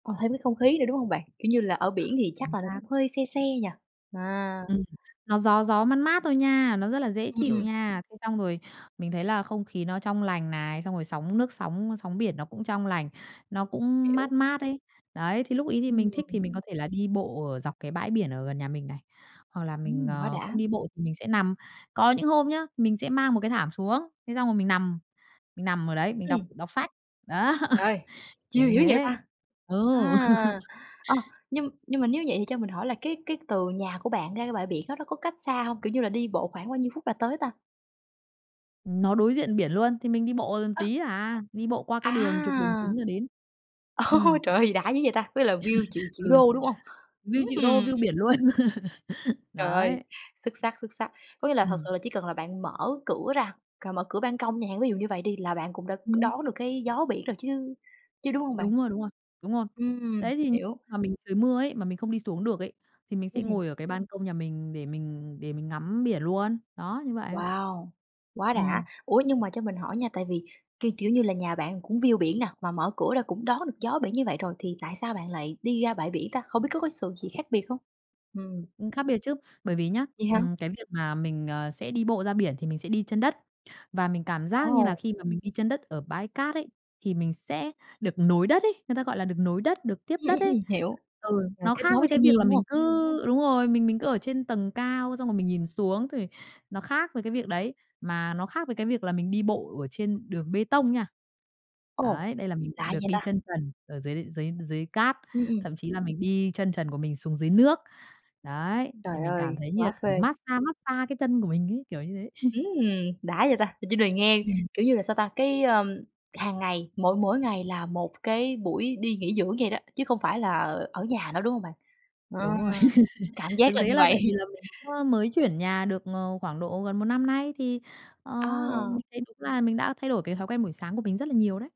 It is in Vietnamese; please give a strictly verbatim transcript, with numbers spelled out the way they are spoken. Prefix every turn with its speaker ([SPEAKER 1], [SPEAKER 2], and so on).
[SPEAKER 1] Ờ, thêm cái không khí nữa, đúng hông bạn? Kiểu như là, ở biển thì chắc
[SPEAKER 2] Chính
[SPEAKER 1] là
[SPEAKER 2] xác.
[SPEAKER 1] cũng hơi se se nhỉ? À.
[SPEAKER 2] Ừm, nó gió gió, mát mát thôi nha, nó rất là dễ
[SPEAKER 1] Ừm,
[SPEAKER 2] chịu
[SPEAKER 1] ừm.
[SPEAKER 2] nha. Thế xong rồi mình thấy là không khí nó trong lành này, xong rồi sóng nước, sóng, á, sóng biển nó cũng trong lành, nó cũng
[SPEAKER 1] Hiểu.
[SPEAKER 2] mát mát ấy. Đấy, thì lúc ấy thì mình thích
[SPEAKER 1] Ừm.
[SPEAKER 2] thì mình có thể là đi bộ ở dọc cái bãi biển ở gần nhà mình này hoặc là
[SPEAKER 1] Ừm,
[SPEAKER 2] mình,
[SPEAKER 1] quá
[SPEAKER 2] ờ,
[SPEAKER 1] đã.
[SPEAKER 2] không đi bộ thì mình sẽ nằm. Có những hôm nhá, mình sẽ mang một cái thảm xuống, thế xong rồi mình nằm, mình nằm ở đấy, mình đọc
[SPEAKER 1] Ừm.
[SPEAKER 2] đọc sách. Đó,
[SPEAKER 1] Trời ơi,
[SPEAKER 2] kiểu
[SPEAKER 1] chill
[SPEAKER 2] như
[SPEAKER 1] dữ vậy
[SPEAKER 2] thế.
[SPEAKER 1] ta?
[SPEAKER 2] Ừ.
[SPEAKER 1] À! Ờ, nhưng nhưng mà nếu vậy thì cho mình hỏi là cái cái từ nhà của bạn ra bãi biển đó nó có cách xa hông, kiểu như là, đi bộ khoảng bao nhiêu phút là tới ta?
[SPEAKER 2] Ừm, nó đối diện biển luôn thì mình đi bộ gần
[SPEAKER 1] Ơ.
[SPEAKER 2] tí à, đi bộ qua cái đường trục đường
[SPEAKER 1] À!
[SPEAKER 2] chính rồi đến.
[SPEAKER 1] Ô
[SPEAKER 2] Ừm.
[SPEAKER 1] trời ơi, gì đã dữ vậy ta, có nghĩa là view triệu triệu
[SPEAKER 2] Ừ.
[SPEAKER 1] đô, đúng hông?
[SPEAKER 2] View
[SPEAKER 1] Ứm
[SPEAKER 2] triệu đô,
[SPEAKER 1] ừm.
[SPEAKER 2] view biển luôn.
[SPEAKER 1] Trời ơi,
[SPEAKER 2] Đấy.
[SPEAKER 1] xuất sắc, xuất sắc. Có nghĩa là thật
[SPEAKER 2] Ừm.
[SPEAKER 1] sự là chỉ cần là bạn mở cửa ra, cà mở cửa ban công chẳng hạn, ví dụ như vậy đi là bạn cũng đã
[SPEAKER 2] Ừm.
[SPEAKER 1] đón được cái gió biển rồi chứ chứ đúng hông bạn?
[SPEAKER 2] Đúng rồi, đúng rồi, đúng rồi.
[SPEAKER 1] Ừm,
[SPEAKER 2] Đấy thì như
[SPEAKER 1] hiểu.
[SPEAKER 2] mà mình trời mưa ấy, mà mình không đi xuống được ấy, thì mình sẽ
[SPEAKER 1] Ừm hưm.
[SPEAKER 2] ngồi ở cái ban công nhà mình để mình để mình ngắm biển luôn, đó, như vậy.
[SPEAKER 1] Wow, quá đã!
[SPEAKER 2] Ừm.
[SPEAKER 1] Ủa nhưng mà cho mình hỏi nha, tại vì, kiêu kiểu như là, nhà bạn cũng view biển nà, mà mở cửa ra cũng đón được gió biển như vậy rồi thì tại sao bạn lại đi ra bãi biển ta? Không biết có có sự gì khác biệt không? Ừm.
[SPEAKER 2] Ừm, khác biệt chứ. Bởi vì nhá,
[SPEAKER 1] Vậy hả?
[SPEAKER 2] ừm, cái việc mà mình, à, sẽ đi bộ ra biển thì mình sẽ đi chân đất. Và mình cảm giác như
[SPEAKER 1] Ồ.
[SPEAKER 2] là khi mà mình đi chân đất ở bãi cát ấy, thì mình sẽ được nối đất ấy, người ta gọi là được nối đất, được tiếp
[SPEAKER 1] Ừm,
[SPEAKER 2] đất
[SPEAKER 1] ừm,
[SPEAKER 2] ấy.
[SPEAKER 1] ừm, hiểu,
[SPEAKER 2] Ừ,
[SPEAKER 1] là
[SPEAKER 2] nó
[SPEAKER 1] kết
[SPEAKER 2] khác
[SPEAKER 1] nối với
[SPEAKER 2] với cái
[SPEAKER 1] thiên
[SPEAKER 2] việc
[SPEAKER 1] nhiên,
[SPEAKER 2] là
[SPEAKER 1] đúng
[SPEAKER 2] mình
[SPEAKER 1] hông?
[SPEAKER 2] cứ đúng rồi, mình mình cứ ở trên tầng cao xong rồi mình nhìn xuống, thì nó khác với cái việc đấy, mà nó khác với cái việc là mình đi bộ ở trên đường bê tông nha.
[SPEAKER 1] Ồ,
[SPEAKER 2] Đấy, đây là mình
[SPEAKER 1] lạ
[SPEAKER 2] được
[SPEAKER 1] vậy
[SPEAKER 2] đi
[SPEAKER 1] ta?
[SPEAKER 2] chân trần ở dưới dưới dưới cát,
[SPEAKER 1] Ừm, ừm.
[SPEAKER 2] thậm chí là mình đi chân trần của mình xuống dưới nước. Đấy, thì
[SPEAKER 1] Trời
[SPEAKER 2] mình cảm
[SPEAKER 1] ơi,
[SPEAKER 2] thấy như
[SPEAKER 1] quá
[SPEAKER 2] là
[SPEAKER 1] phê!
[SPEAKER 2] mát-xa mát-xa cái chân của mình ấy, kiểu như thế.
[SPEAKER 1] Ừm, đã vậy ta, mình chỉ được nghe,
[SPEAKER 2] Ừm.
[SPEAKER 1] kiểu như là, sao ta? Cái, ơ, hàng ngày, mỗi mỗi ngày là một cái buổi đi nghỉ dưỡng vậy đó, chứ không phải là ở nhà nữa, đúng hông bạn? Ờ,
[SPEAKER 2] Đúng rồi.
[SPEAKER 1] cảm giác
[SPEAKER 2] Thực
[SPEAKER 1] là
[SPEAKER 2] tế
[SPEAKER 1] như
[SPEAKER 2] là
[SPEAKER 1] vậy.
[SPEAKER 2] tại vì là mình cũng á mới chuyển nhà được, ờ, khoảng độ gần một năm nay thì, ờ,
[SPEAKER 1] À!
[SPEAKER 2] mình thấy đúng là mình đã thay đổi cái thói quen buổi sáng của mình rất là nhiều đấy.